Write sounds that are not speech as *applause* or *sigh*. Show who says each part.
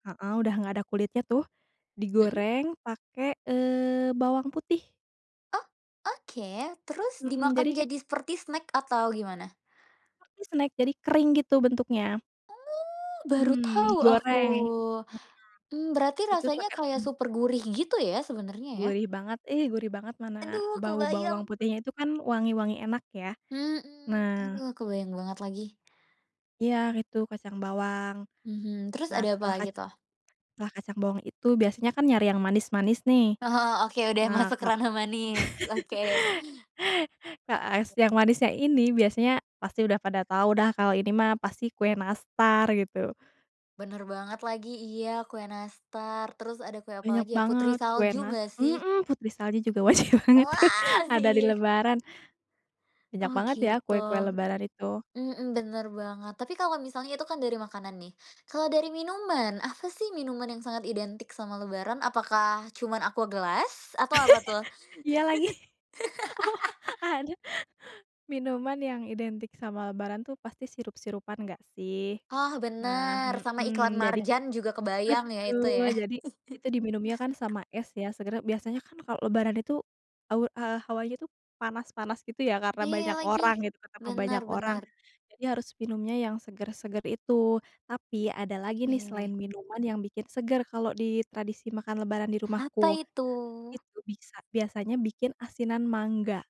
Speaker 1: Heeh, udah nggak ada kulitnya tuh,
Speaker 2: Hmm.
Speaker 1: digoreng pake, eee, bawang putih.
Speaker 2: Oh oke, terus
Speaker 1: Mhm jadi
Speaker 2: dimakan
Speaker 1: ke
Speaker 2: jadi seperti snack atau gimana?
Speaker 1: Tapi snack jadi kering gitu bentuknya.
Speaker 2: Oh, baru
Speaker 1: Hmm
Speaker 2: tahu aku.
Speaker 1: digoreng. Mhm.
Speaker 2: Mmm, berarti
Speaker 1: Itu
Speaker 2: rasanya
Speaker 1: pake.
Speaker 2: kayak
Speaker 1: *unintelligible*
Speaker 2: super gurih gitu ya, sebenarnya ya.
Speaker 1: Gurih banget, ih gurih banget. Mana
Speaker 2: Aduh
Speaker 1: bau
Speaker 2: kebayang.
Speaker 1: bawang putihnya itu kan wangi wangi enak ya.
Speaker 2: Mhm.
Speaker 1: Nah
Speaker 2: Aduh kebayang banget lagi.
Speaker 1: Iya itu kacang bawang.
Speaker 2: Mhm, terus
Speaker 1: Nah
Speaker 2: ada apa
Speaker 1: setelah
Speaker 2: lagi
Speaker 1: kacang
Speaker 2: tuh?
Speaker 1: setelah kacang bawang itu biasanya kan nyari yang manis-manis nih.
Speaker 2: Oh oke, udah
Speaker 1: Nah
Speaker 2: masuk ke
Speaker 1: ka
Speaker 2: ranah manis,
Speaker 1: *laughs*
Speaker 2: oke.
Speaker 1: Ka es yang manisnya ini, biasanya pasti udah pada tau dah kalau ini mah pasti kue nastar gitu.
Speaker 2: Benar banget lagi, iya kue nastar, terus ada kue
Speaker 1: Banyak
Speaker 2: apalagi ya, putri
Speaker 1: banget, kue
Speaker 2: salju
Speaker 1: nas
Speaker 2: nggak sih?
Speaker 1: mhm, putri salju juga wajib banget tuh,
Speaker 2: Wah,
Speaker 1: ada di
Speaker 2: si.
Speaker 1: lebaran. Banyak
Speaker 2: Oh
Speaker 1: banget ya
Speaker 2: gitu.
Speaker 1: kue-kue lebaran itu.
Speaker 2: Mhm, benar banget. Tapi kalau misalnya itu kan dari makanan nih. Kalau dari minuman, apa sih minuman yang sangat identik sama lebaran? Apakah cuman Aqua gelas? Atau apa tuh?
Speaker 1: *chuckles* Iya lagi. Oh,
Speaker 2: *laughs*
Speaker 1: ada. Minuman yang identik sama lebaran tuh pasti sirup-sirupan nggak sih.
Speaker 2: Oh
Speaker 1: Nah,
Speaker 2: benar, sama iklan
Speaker 1: mhm, jadi
Speaker 2: Marjan juga kebayang ya, itu
Speaker 1: betul,
Speaker 2: ya.
Speaker 1: jadi itu
Speaker 2: *chuckles*
Speaker 1: diminumnya kan sama es ya, seger biasanya kan kalau lebaran itu, aur eee, hawanya tuh panas-panas gitu ya, karena
Speaker 2: Iya
Speaker 1: banyak
Speaker 2: lagi.
Speaker 1: orang gitu, ketemu
Speaker 2: Benar
Speaker 1: banyak orang,
Speaker 2: benar.
Speaker 1: jadi harus minumnya yang seger-seger itu. Tapi ada lagi nih selain
Speaker 2: Yeh.
Speaker 1: minuman yang bikin segar, kalau di tradisi makan lebaran di
Speaker 2: Apa
Speaker 1: rumahku.
Speaker 2: itu?
Speaker 1: itu bisa biasanya bikin asinan mangga.